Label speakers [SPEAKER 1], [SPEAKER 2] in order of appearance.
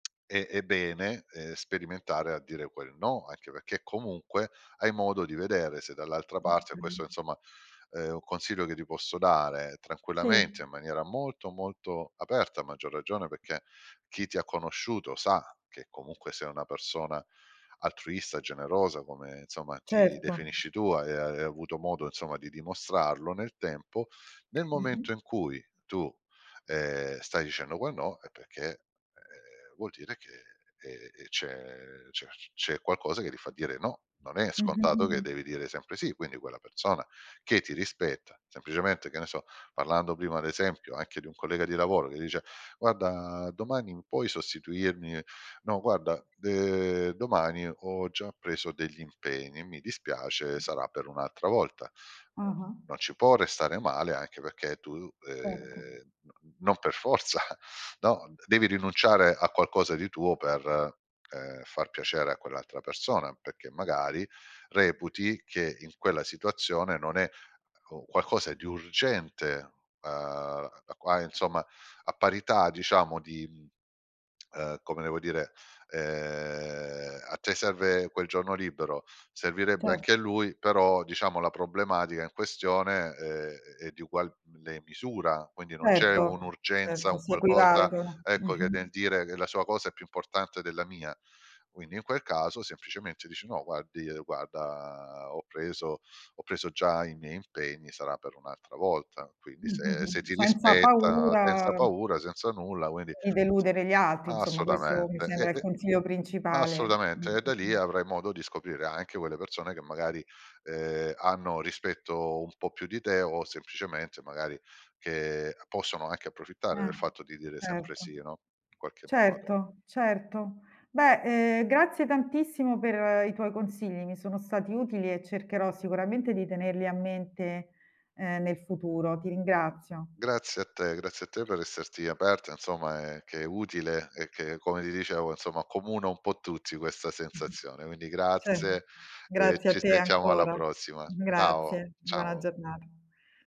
[SPEAKER 1] E è bene, ehm, sperimentare a dire quel: "No!", anche perché comunque hai modo di vedere se dall'altra parte
[SPEAKER 2] Okay.
[SPEAKER 1] questo insomma è un consiglio che ti posso dare,
[SPEAKER 2] Sì.
[SPEAKER 1] tranquillamente, in maniera molto, molto aperta, a maggior ragione perché chi ti ha conosciuto sa che comunque sei una persona altruista, generosa come, insomma, ti
[SPEAKER 2] Certo.
[SPEAKER 1] definisci tu. Hai hai avuto modo, insomma, di dimostrarlo nel tempo. Nel
[SPEAKER 2] Mh-mh.
[SPEAKER 1] momento in cui tu, ehm, stai dicendo quel no è perché, ehm, vuol dire che, ehm, ehm, c'è c'è c c'è qualcosa che ti fa dire: "No!", non è
[SPEAKER 2] Mh-mh,
[SPEAKER 1] scontato che
[SPEAKER 2] mh-mh.
[SPEAKER 1] devi dire sempre "sì". Quindi quella persona che ti rispetta, semplicemente, che ne so, parlando prima ad esempio anche di un collega di lavoro che dice: "Guarda, domani puoi sostituirmi?" "No, guarda, de domani ho già preso degli impegni, e mi dispiace, sarà per un'altra volta." Poi,
[SPEAKER 2] Ah-ah.
[SPEAKER 1] non ci può restare male, anche perché tu,
[SPEAKER 2] Certo.
[SPEAKER 1] ehm, no n non per forza, no, devi rinunciare a qualcosa di tuo per, ehm, far piacere a quell'altra persona, perché magari reputi che in quella situazione non è, ehm, oh, qualcosa di urgente. Uhm, a qua insomma, a parità, diciamo, di, mhmm, ehm, come devo dire? Ehm, a te serve quel giorno libero, servirebbe
[SPEAKER 2] Cer
[SPEAKER 1] anche a lui, però diciamo la problematica in questione, ehm, è di uguale misura, quindi non c'è
[SPEAKER 2] Certo,
[SPEAKER 1] un'urgenza,
[SPEAKER 2] certo,
[SPEAKER 1] un
[SPEAKER 2] si
[SPEAKER 1] qualcosa,
[SPEAKER 2] equivalgono.
[SPEAKER 1] ecco, che nel
[SPEAKER 2] Mh-mh.
[SPEAKER 1] dire che la sua cosa è più importante della mia. Quindi in quel caso, semplicemente, dici: "No, guardi guarda, ho preso ho preso già i miei impegni, sarà per un'altra volta." Quindi
[SPEAKER 2] Mh, mh,
[SPEAKER 1] se se
[SPEAKER 2] mh,
[SPEAKER 1] ti
[SPEAKER 2] senza
[SPEAKER 1] rispetta, senza
[SPEAKER 2] paura
[SPEAKER 1] paura, senza nulla, quindi
[SPEAKER 2] di deludere gli altri, insomma, questo mi
[SPEAKER 1] Assolutamente, e
[SPEAKER 2] sembra il
[SPEAKER 1] e
[SPEAKER 2] consiglio principale. Mh,
[SPEAKER 1] assolutamente. E da
[SPEAKER 2] mh,
[SPEAKER 1] lì
[SPEAKER 2] mh.
[SPEAKER 1] avrai modo di scoprire anche quelle persone che magari, ehm, hanno rispetto un po' più di te o semplicemente magari che possono anche approfittare del
[SPEAKER 2] Eh,
[SPEAKER 1] fatto di dire sempre
[SPEAKER 2] certo.
[SPEAKER 1] sì, no, in qualche modo.
[SPEAKER 2] Certo, certo. Beh, ehm, grazie tantissimo per i tuoi consigli, mi sono stati utili e cercherò sicuramente di tenerli a mente, uhm, nel futuro. Ti ringrazio.
[SPEAKER 1] Grazie a te, grazie a te per esserti aperta, insomma, ehm, che è utile, e che, come ti dicevo, insomma, accomuna un po' tutti questa
[SPEAKER 2] Mh-mh.
[SPEAKER 1] sensazione. Quindi
[SPEAKER 2] Cer
[SPEAKER 1] grazie e
[SPEAKER 2] grazie a
[SPEAKER 1] ci
[SPEAKER 2] te
[SPEAKER 1] sentiamo alla
[SPEAKER 2] ancora.
[SPEAKER 1] prossima.
[SPEAKER 2] Uhm,
[SPEAKER 1] Ciao,
[SPEAKER 2] grazie, buona
[SPEAKER 1] ciao
[SPEAKER 2] giornata.